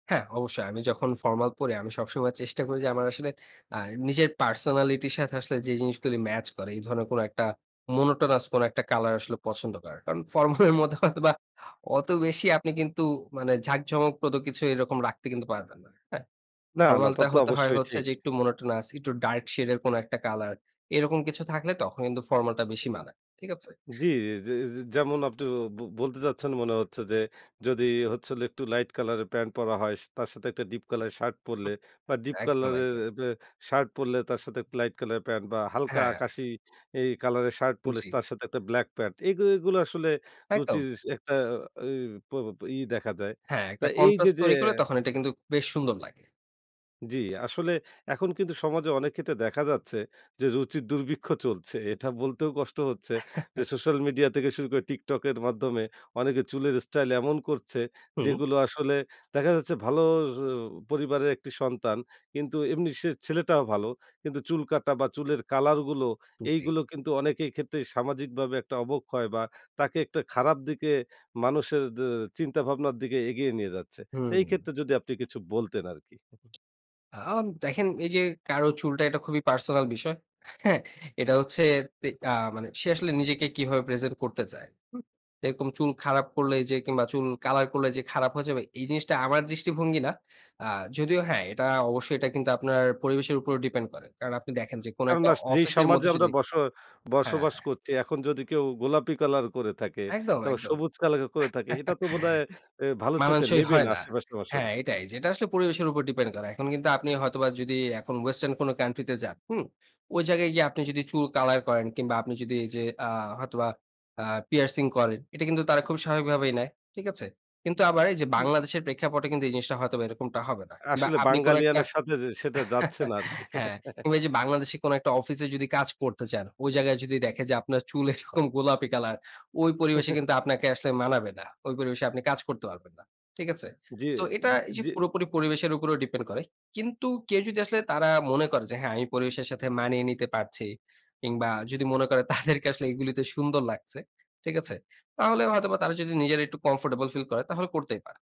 হ্যাঁ, অবশ্যই। আমি যখন ফরমাল পড়ি আমি সবসময় চেষ্টা করি যে, আমার আসলে আ নিজের পার্সোনালিটির সাথে আসলে যে, জিনিসগুলি ম্যাচ করে। এই ধরনের কোন একটা মনটোনাস কোন একটা কলার আসলে পছন্দ করার। কারণ ফরমাল এর মধ্যে হয়তোবা বা অত বেশি আপনি কিন্তু মানে ঝাঁক ঝমকপ্রদ কিছু এরকম রাখতে কিন্তু পারবেন না, হ্যাঁ। না, না। ফরমাল তা টা তো হতে হয় অবশ্যই হচ্ছে ঠিক। যে, একটু মনটোনাস একটু ডার্ক শেড এর কোন একটা কালার এরকম কিছু থাকলে তখন কিন্তু ফর্মাল টা বেশি মানায়। ঠিক আছে? জ্বী জে, জে যেমন আপনি ব বলতে চাচ্ছেন মনে হচ্ছে, যে, যদি হচ্ছে একটু লাইট কালার এর প্যান্ট পরা হয়। তার সাথে একটা ডিপ কালার এর শার্ট হু, পরলে বা ডিপ একদম, কালার এর একদম। এবে শার্ট পড়লে তার সাথে লাইট কালার প্যান্ট বা হালকা হ্যাঁ। আকাশী এই কলার এর শার্ট পড়লে, জ্বী। তার সাথে একটা ব্লাক প্যান্ট এগু এগুলো আসলে একদম। রুচির একটা অ প ই দেখা যায়। হ্যাঁ, তা একটা এই যে কনট্রাস্ট যে। তৈরি করলে তখন এটা কিন্তু বেশ সুন্দর লাগে। জী আসলে এখন কিন্তু সমাজে অনেক ক্ষেত্রে দেখা যাচ্ছে যে, রুচি দুর্ভিক্ষ চলছে। এটা বলতেও কষ্ট হচ্ছে যে, সোশ্যাল মিডিয়া থেকে শুরু করে টিকটকের মাধ্যমে অনেকে চুলের স্টাইল এমন করছে, হুম। যেগুলো আসলে দেখা যাচ্ছে ভালো ও পরিবারের একটি সন্তান। কিন্তু এমনি সে ছেলেটাও ভালো। কিন্তু চুল কাটা বা চুলের কালার গুলো জি। এইগুলো কিন্তু অনেকের ক্ষেত্রেই সামাজিকভাবে একটা অবক্ষয় বা তাকে একটা খারাপ দিকে মানুষের দে চিন্তা ভাবনার দিকে এগিয়ে নিয়ে যাচ্ছে। তো এই হুম। ক্ষেত্রে যদি আপনি কিছু বলতেন আরকি। আ দেখেন এই যে, কারো চুলটা এটা খুবই পার্সোনাল বিষয়। হ্যাঁ, এটা হচ্ছে তে আ আ মানে সে আসলে নিজেকে কিভাবে প্রেজেন্ট করতে চায়, হু? এরকম চুল খারাপ করলে যে, কিংবা চুল কলার করলে যে, খারাপ হয়ে যাবে। এই জিনিসটা আমার দৃষ্টিভঙ্গি না। আ যদিও হ্যাঁ, এটা অবশ্যই এটা কিন্তু আপনার পরিবেশের উপর ডিপেন্ড করে। কারণ আপনি দেখেন যে, কোন একটা কেননা আস যেই অফিসের সমাজে মধ্যে আমরা যদি বস হ্যাঁ, বসবাস হ্যাঁ। করছি এখন যদি কেউ গোলাপি কালার করে থাকে, একদম, তারপর একদম। সবুজ কালার করে থাকে এটা তো বোধহয় এ্যা ভালো চোখে মানানসই নিবে হয় না না। আশেপাশের হ্যাঁ, মানুষে এটাই। এটা আসলে পরিবেশের উপর ডিপেন্ড করে। এখন কিন্তু আপনি হয়তোবা যদি এখন ওয়েসটার্ন কান্ট্রি তে যান, হুম। ওই জায়গায় গিয়ে আপনি যদি চুল কালার করেন কিংবা আপনি যদি এইযে আ হয়তোবা আ পিয়ার্সিং করেন। এটা কিন্তু তারা খুবই স্বাভাবিক ভাবেই নেয়। ঠিক আছে? কিন্তু আবার এই যে, হুম। বাংলাদেশের প্রেক্ষাপটে [unintelligible] কিন্তু এই জিনিসটা হয়তোবা এরকমটা হবে না। বা আসলে আপনি কোন একটা। বাঙালিয়ানের সাথে যে, সেটা যাচ্ছে না আরকি। হ্যাঁ, কিংবা এইযে বাংলাদেশে কোন একটা অফিসে যদি কাজ করতে চান, ওই জায়গায় যদি দেখে যে, আপনার চুল এরকম গোলাপি কালার ওই পরিবেশে কিন্তু আপনাকে আসলে মানাবে না। ওই পরিবেশে আপনি কাজ করতে পারবেন না। ঠিক আছে? যে, এ্যা তো এটা জি, এই যে, জি। পুরোপুরি পরিবেশের উপরেও ডিপেন্ড করে। কিন্তু কেউ যদি আসলে তারা মনে করে যে, হ্যাঁ, আমি পরিবেশের সাথে মানিয়ে নিতে পারছি। কিংবা যদি মনে করে তাদেরকে আসলে এগুলিতে আসলে সুন্দর লাগছে। ঠিক আছে? তাহলে হয়তো বা তারা যদি নিজেরা একটু কমফোর্টেবল ফিল করে তাহলে করতেই পারে।